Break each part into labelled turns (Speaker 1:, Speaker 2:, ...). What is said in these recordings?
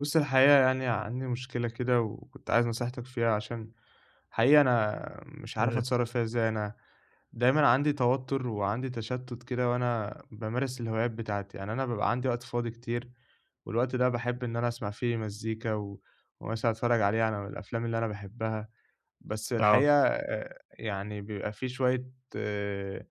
Speaker 1: بُصّ، الحقيقة يعني عندي مشكلة كده وكنت عايز نصيحتك فيها عشان حقيقي أنا مش عارف
Speaker 2: [unintelligible]
Speaker 1: أتصرّف فيها إزاي، أنا دايمًا عندي توتر وعندي تشتُّت كده وأنا بامارس الهوايات بتاعتي، يعني أنا بابقى عندي وقت فاضي كتير، والوقت ده باحب إن أنا أسمع فيه مزيكا و ومثلًا أتفرّج عليه على الأفلام اللي أنا باحبها، بس
Speaker 2: آه.
Speaker 1: الحقيقة يعني بيبقى في شوية آآ،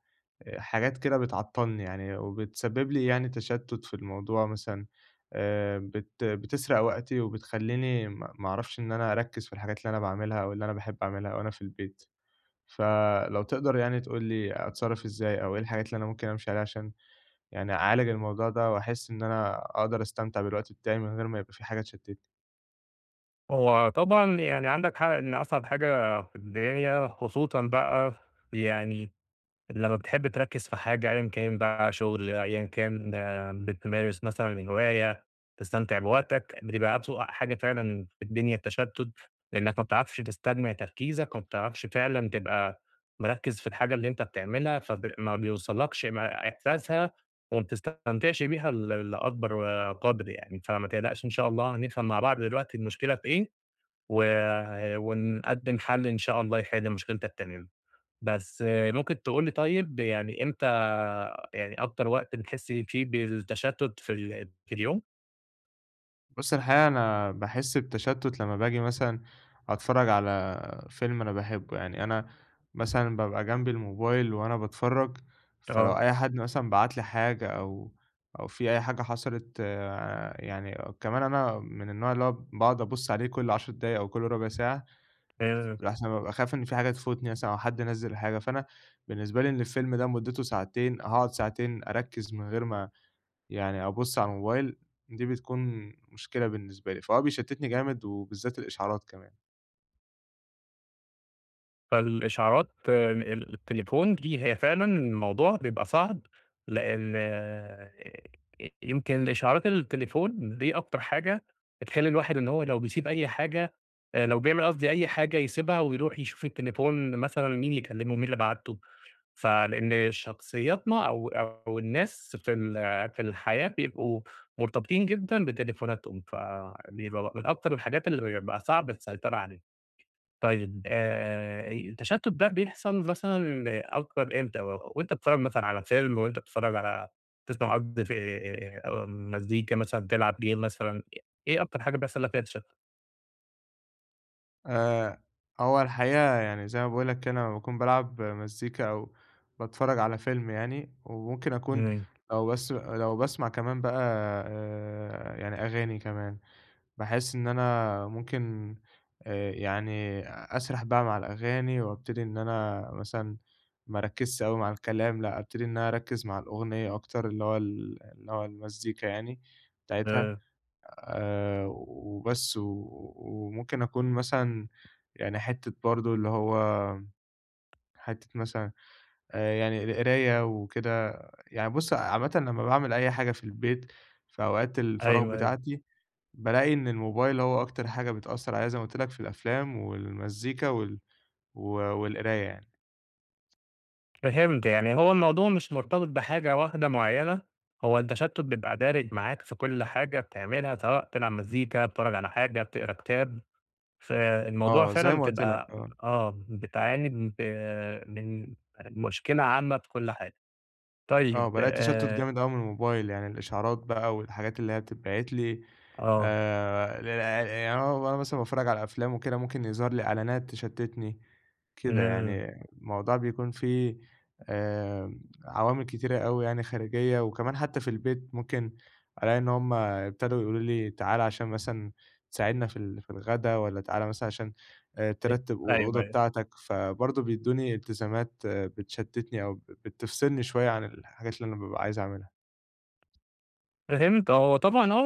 Speaker 1: حاجات كده بتعطّلني يعني، وبتسبِّب لي يعني تشتُّت في الموضوع مثلًا آآ، بت بتسرق وقتي وبتخلّيني م ما أعرفش إن أنا أركّز في الحاجات اللي أنا باعملها، أو اللي أنا باحب أعملها أو أنا في البيت، ف لو تقدر يعني تقول لي أتصرّف إزاي، أو إيه الحاجات اللي أنا ممكن أمشي عليها عشان يعني أعالج الموضوع ده، وأحس إن أنا أقدر أستمتع بالوقت بتاعي من غير ما يبقى في حاجة تشتِّتني؟
Speaker 2: هو طبعًا يعني عندك حق إن أصعب حاجة في الدنيا خصوصًا بقى يعني لمّا بتحب تركز في حاجة أيًا كان بقى، شغل أيًا كان بتمارس مثلًا الهواية تستمتع بوقتك، بتبقى أسوأ حاجة فعلًا في الدنيا التشتُّت، لإنك ما بتعرفش تستجمع تركيزك وما بتعرفش فعلًا تبقى مركّز في الحاجة اللي أنت بتعملها فب ما بيوصلكش ما إحساسها وما بتستمتعش بيها ل لأكبر قدر يعني، فما تقلقش إن شاء الله هنفهم مع بعض دلوقتي المشكلة في إيه، و ونقدّم حل إن شاء الله يحل مشكلتك تمامًا، بس ممكن تقول لي طيب يعني إمتى يعني أكتر وقت بتحس فيه بالتشتُّت في ال في اليوم؟
Speaker 1: بُص الحقيقة أنا باحس بتشتُت لمّا باجي مثلًا أتفرج على فيلم أنا باحبه يعني، أنا مثلًا بابقى جنبي الموبايل وأنا باتفرج، فلو
Speaker 2: آه.
Speaker 1: أي حد مثلًا بعت لي حاجة أو أو في أي حاجة حصلت آآ، يعني كمان أنا من النوع اللي هو باقعد أبُصّ عليه كل 10 دقايق أو كل ربع ساعة
Speaker 2: آآ
Speaker 1: لأحسن بابقى خايف إن في حاجة تفوتني مثلًا أو حد نزِّل حاجة، فأنا بالنسبة لي إن الفيلم ده مدته ساعتين هاقعد ساعتين أركز من غير ما يعني أبُص على الموبايل دي بتكون مشكلة بالنسبة لي فهو بيشتتني جامد، وبالذات الإشعارات كمان.
Speaker 2: فالإشعارات ال التليفون دي هي فعلًا الموضوع بيبقى صعب لأن آآ، يمكن الإشعارات التليفون دي أكتر حاجة بتخلّي الواحد إن هو لو بيسيب أي حاجة آآ لو بيعمل قصدي أي حاجة يسيبها، ويروح يشوف التليفون مثلًا مين اللي كلمه مين اللي بعت له، فلإن شخصيتنا أو أو الناس في ال في الحياة بيبقوا مرتبطين جدًا بتليفوناتهم، فبيبقى م من أكتر الحاجات اللي بقى صعب السيطرة عليها، طيّب آآ، التشتت ده بيحصل مثلًا أكتر إمتى، وأنت بتتفرج مثلًا على فيلم وأنت بتتفرج على تسمع قض آآ، مزيكا مثلًا تلعب game مثلًا ايه أكتر حاجة بيحصل لك فيها تشتُت؟
Speaker 1: آآ، هو الحقيقة يعني زي ما باقول لك كده أمّا باكون بالعب مزيكا أو باتفرّج على فيلم يعني، وممكن أكون
Speaker 2: إمم.
Speaker 1: لو بس لو باسمع كمان بقى آآ، يعني أغاني كمان، باحسّ إن أنا ممكن آآ يعني أسرح بقى مع الأغاني، وأبتدي إن أنا مثلًا ما أركّزش أوي مع الكلام، لأ أبتدي إن أنا أركّز مع الأغنية أكتر، اللي هو ال اللي هو المزيكا يعني بتاعتها
Speaker 2: [unintelligible]
Speaker 1: آآ، وبس و وممكن أكون مثلًا يعني حتّة برضه اللي هو حتّة مثلًا آآ يعني القراية وكده، يعني بُصّ، عامةً لمّا باعمل أي حاجة في البيت في أوقات الفراغ
Speaker 2: أيوه، أيوه.
Speaker 1: بتاعتي، بالاقي إن الموبايل هو أكتر حاجة بتأثّر عليَّ زي ما قُلت لك في الأفلام والمزيكا وال و والقراية يعني.
Speaker 2: فهمت، يعني هو الموضوع مش مرتبط بحاجة واحدة معيّنة هو التشتُّت بيبقى دارج معاك في كُلّ حاجة بتعملها، سواء بتلعب مزيكا، بتتفرّج على حاجة، بتقرا كتاب، فالموضوع
Speaker 1: آه، زي
Speaker 2: فعلًا
Speaker 1: ما قُلت لك،
Speaker 2: بتبقى
Speaker 1: آه.
Speaker 2: آه بتعاني ب من مشكلة عامة بكُلّ حاجة،
Speaker 1: آه،
Speaker 2: طيّب
Speaker 1: بالاقي تشتُّت
Speaker 2: آآ
Speaker 1: جامد أوي من الموبايل، يعني الإشعارات بقى والحاجات اللي هي بتتبعت لي [unintelligible]
Speaker 2: آه.
Speaker 1: يعني أنا وأنا مثلًا باتفرّج على أفلام وكده ممكن يظهر لي إعلانات تشتِّتني، كده
Speaker 2: إمم.
Speaker 1: يعني الموضوع بيكون في آآ، عوامل كتيرة أوي يعني خارجية وكمان حتى في البيت ممكن ألاقي إن هُم ابتدوا يقولوا لي تعالَ عشان مثلًا تساعدنا في ال في الغدا والَّا تعالَ مثلًا عشان آآ
Speaker 2: [unintelligible]
Speaker 1: ترتِّب أ
Speaker 2: أيوه،
Speaker 1: الأوضة
Speaker 2: أيوه.
Speaker 1: بتاعتك، فبرضه بيدّوني إلتزامات بتشتِّتني أو بت بتفصلني شوية عن الحاجات اللي أنا بابقى عايز أعملها.
Speaker 2: فهمت، هو طبعًا آه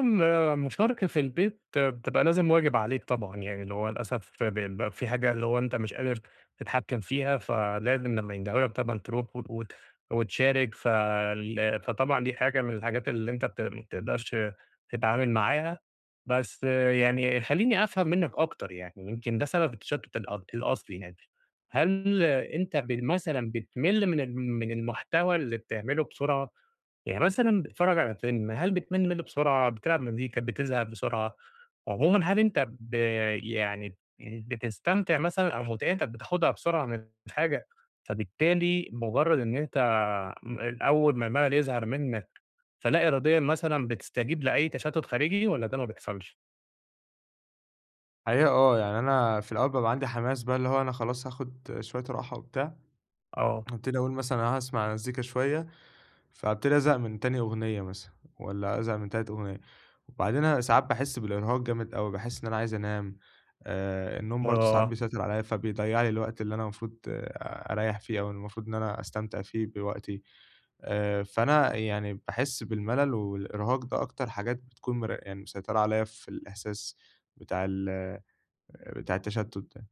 Speaker 2: ال مشاركة في البيت بتبقى لازم واجب عليك طبعًا، يعني اللي هو للأسف ب بيبقى في حاجة اللي هو أنت مش قادر تتحكّم فيها، فلازم لمّا يندهوا لك طبعًا ترُوح و وت وتشارك ف ال فطبعًا دي حاجة من الحاجات اللي أنت بت ما بتقدرش تتعامل معاها، بس يعني خلّيني أفهم منك أكتر يعني يمكن ده سبب التشتُّت الأ الأصلي يعني، هل أنت ب مثلًا بتمِلّ من ال من المحتوى اللي بتعملُه بسرعة؟ يعني مثلًا بتتفرّج على فيلم، هل بتمِلّ منه بسرعة، بتلعب مزيكا بتزهق بسرعة؟ عمومًا هل أنت ب يعني بتستمتع مثلًا أو مُتعتك بتاخدها بسرعة من الحاجة، فبالتالي مجرّد إن أنت آآ، أول ما المَلَل يظهر منك، فلا إراديًا مثلًا بتستجيب لأي تشتُّت خارجي والَّا ده ما بيحصلش؟
Speaker 1: الحقيقة آه يعني أنا في الأول بابقى عَندي حماس بقى اللي هو أنا خلاص هاخد شوية راحة وبتاع،
Speaker 2: آه.
Speaker 1: هابتدي أقول مثلًا أنا هاسمع مزيكا شوية، فابتدي أزهق من تاني أغنية مثلًا والّا أزهق من تالت أغنية وبعدين أنا ساعات باحس بالإرهاق جامد أوي، باحس إن أنا عايز أنام آآ النوم برضه ساعات
Speaker 2: [unintelligible]
Speaker 1: بيسيّطر عليَّ فبيضيع لي الوقت اللي أنا المفروض أريّح فيه أو المفروض إن أنا أستمتع فيه بوقتي، آآ فأنا يعني باحس بالملل والإرهاق ده أكتر حاجات بتكون مر يعني مسيّطرة عليَّ في الإحساس بتاع ال آآ بتاع التشتُت ده.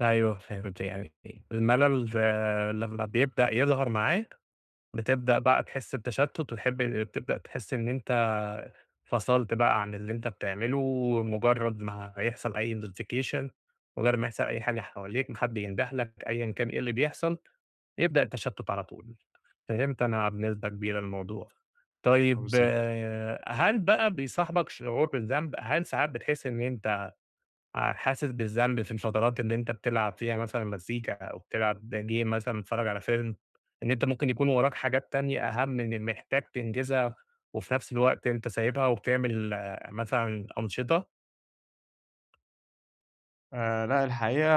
Speaker 2: أيوَه فهمت يعني إ الملل لمّا بيبدأ يظهر معاك بتبدأ بقى تحس بتشتُت وتحب ال بتبدأ تحس إن أنت فصلت بقى عن اللي أنت بتعمله، ومُجرّد ما يحصل أي نوتفيكيشن مُجرِّد ما يحصل أي حاجة حواليك، ما حد ينده لك أيًا كان إيه اللي بيحصل، يبدأ التشتُت على طول. فهمت أنا بنسبة كبيرة الموضوع.
Speaker 1: آه
Speaker 2: طيّب
Speaker 1: بالضبط.
Speaker 2: هل بقى بيصاحبك شعور بالذنب؟ هل ساعات بتحسّ إن أنت آآ حاسس بالذنب في الفترات اللي أنت بتلعب فيها مثلًا مزيكا أو بتلعب game مثلًا بتتفرج على film إن أنت ممكن يكون وراك حاجات تانية أهم من محتاج تنجزها وفي نَفْس الوقت أنت سايبها وبتعمل مثلًا أنشطة؟
Speaker 1: آآ، لأ، الحقيقة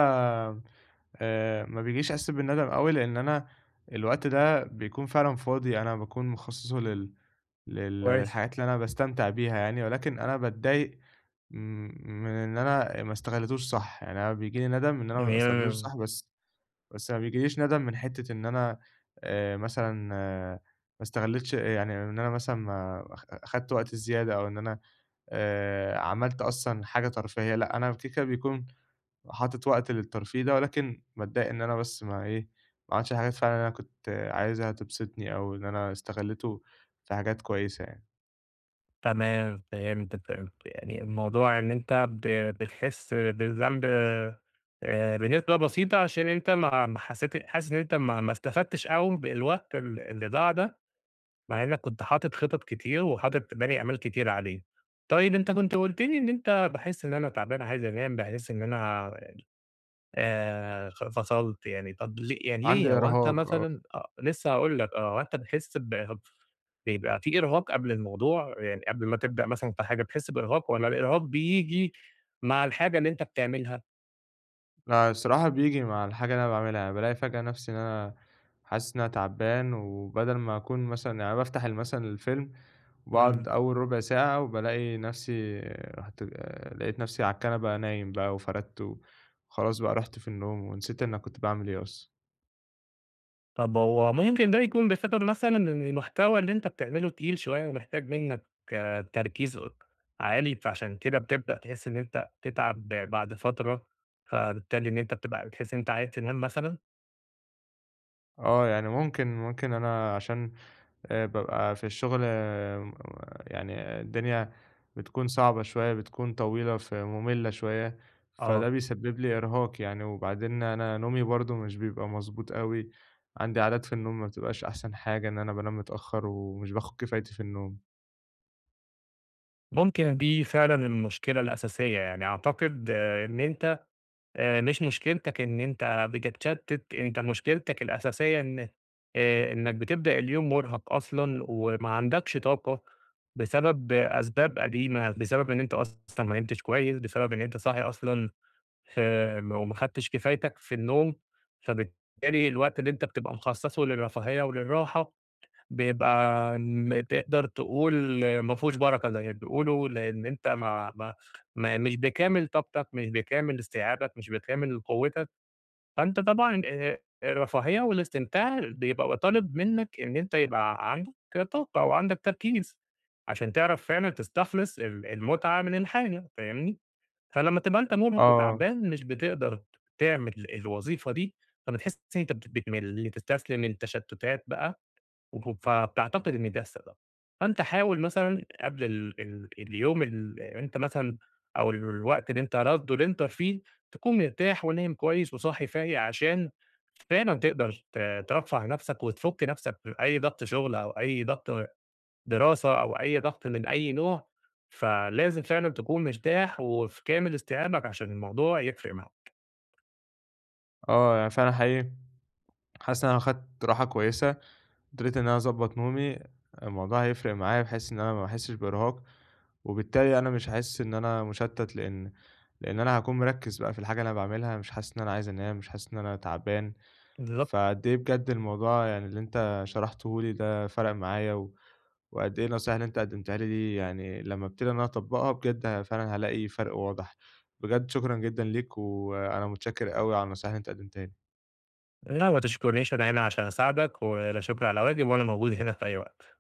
Speaker 1: آآ، ما بيجيش إحساسّ بالندم أوي، لإن أنا الوقت ده بيكون فعلًا فاضي، أنا باكون مخصّصُه لل لل
Speaker 2: كويس.
Speaker 1: للحاجات اللي أنا باستمتع بيها يعني، ولكن أنا باتضايق م من إن أنا آآ، ما استغليتوش صح، يعني أنا بييجي لي ندم إن أنا ما استغليتوش
Speaker 2: [unintelligible]
Speaker 1: صح بس بس ما بييجيليش ندم من حتّة إن أنا آآ، مثلًا ما استغليتش يعني إن أنا مثلًا ما أخ خدت وقت زيادة، أو إن أنا آآ، عملت أصلًا حاجة ترفيهية لأ، أنا الفكرة بيكون حاطط وقت للترفيه ده، ولكن باتضايق إن أنا بس ما إيه، ما عملتش الحاجات فعلًا اللي أنا كنت عايزها تبسطني، أو إن أنا استغلّيته في حاجات كويسة يعني.
Speaker 2: تمام، فهمتك فهمت، يعني الموضوع إن أنت ب بتحسّ بالذنب آآ، بنسبة بسيطة عشان أنت ما ما حسّيت حاسس إن أنت ما ما استفدتش أوي بالوقت ال اللي ضاع ده، مع إنّك كنت حاطط خِطَط كتير وحاطط باني آمال كتيرة عليه، طيب أنت كنت قُلت لي إن أنت باحسّ إن أنا تعبان عايز أنام، باحسّ إن أنا ال آآ، خ فصلت يعني، طَب لي يعني
Speaker 1: عندي
Speaker 2: ليه هو أنت
Speaker 1: إرهاق آه.
Speaker 2: مثلًا آه، لسه هاقول لك آه، هو أنت بتحسّ ب بيبقى في إرهاق قبل الموضوع، يعني قبل ما تبدأ مثلًا في حاجة بتحسّ بإرهاق، والَّا الإرهاق بييجي مع الحاجة اللي أنت بتعملها؟
Speaker 1: فالصراحة بييجي مع الحاجة اللي أنا باعملها، يعني بالاقي فجأة نَفْسي إن أنا حاسس إن أنا تعبان وبَدَل ما أكون مثلًا يعني أنا بافتح ال مثلًا الفيلم وباقعُد
Speaker 2: إمم.
Speaker 1: أول رُبع ساعة، وبالاقي نَفْسي رُحت آآ لقيت نَفْسي على الكنبة نايم بقى وفردت و وخلاص بقى رُحت في النوم ونسيت أنا كنت باعمل إيه أصلًا.
Speaker 2: طَب هو ممكن ده يكون بسبب مثلًا ال المحتوى اللي أنت بتعمله تقيل شوية ومحتاج منّك تركيز أك عالي، فعشان كده بتبدأ تحس إن أنت تتعَب بعد فترة، فبالتالي إن أنت بتبقى بتحس إن أنت عايز تنام مثلًا؟
Speaker 1: آه، يعني ممكن ممكن أنا عشان آآ بابقى في الشُغل م يعني الدنيا بتكون صعبة شوية، بتكون طويلة فمُمِلّة شوية،
Speaker 2: آه.
Speaker 1: فده بيسبِّب لي إرهاق يعني وبعدين أنا نومي برضه مش بيبقى مضبوط أوي، عندي عادات في النوم ما بتبقاش أحسن حاجة إن أنا بانام متأخّر ومش باخُد كفايتي في النوم.
Speaker 2: ممكن دي فعلًا المشكلة الأساسية، يعني أعتقد إن أنت آآ مش مشكلتك إن أنت بتتشتِّت، أنت مشكلتك الأساسية إن آآ إنّك بتبدأ اليوم مُرهَق أصلًا وما عندكش طاقة بسبب أسباب قديمة، بسبب إن أنت أصلًا ما نمتش كويس، بسبب أنت صاحي أصلًا فم وما خدتش كفايتك في النوم، فبالتالي الوقت اللي أنت بتبقى مخصّصه للرفاهية وللراحة بيبقى ن تقدر تقول ما فيهوش بَرَكة زي ما بتقولوا لإن أنت ما ما ما مش بكامل طاقتك، مش بكامل استيعابك، مش بكامل قوّتك، فأنت طبعًا آآ الرفاهية والاستمتاع بيبقى و طالب منّك إن أنت يبقى ع عندك طاقة أو عندك تركيز عشان تعرف فعلًا تستخلص ال المُتعة من الحاجة فاهمني، فلمّا تبقى أنت مُرهّق
Speaker 1: آه.
Speaker 2: وتعبان مش بتقدر تعمل الوظيفة دي، فبتحس إن أنت بت بتمِل، تستسلم للتشتُّتات بقى وف فبتعتقد إن ده السبب. فأنت حاول مثلًا قبل ال ال اليوم اللي أنت مثلًا أو ال الوقت اللي أنت رد اللي أنت فيه، تكون مرتاح ونايم كويس وصاحي فايق عشان فعلًا تقدر ت ترفّه نَفْسك وتفُك نَفْسك من أي ضَغْط شُغل أو أي ضَغْط دراسة أو أي ضَغْط من أي نوع، فلازم فعلًا تكون مرتاح وفي كامل استيعابك عشان الموضوع يفرق معاك.
Speaker 1: آه، يعني فعلًا حقيقي حاسس إن أنا لو خدت راحة كويسة، قدرت إن أنا أضبّط نومي الموضوع هيفرق معايا بحيث إن أنا ما أحسّش بإرهاق وبالتالي أنا مش هاحس إن أنا مُشتَّت لإن لإن أنا هاكون مركِّز بقى في الحاجة اللي أنا باعملها مش حاسس إن أنا عايز أنام، مش حاسس إن أنا تعبان.
Speaker 2: بالضبط.
Speaker 1: فقد إيه بجد الموضوع يعني اللي أنت شرحته لي ده فَرَق معايا و وقد إيه النصايح اللي أنت قدّمتها لي دي يعني لمّا أبتدي إن أنا أطبّقها بجد فعلًا هالاقي فَرْق واضح. بجد شكرًا جدًا ليك، وأنا متشكّر أوي على النصايح اللي أنت قدّمتها لي.
Speaker 2: لأ، ما تشكُرنيش أنا هنا عشان أساعدك ولا شُكر على واجب وأنا موجود هنا في أي وقت.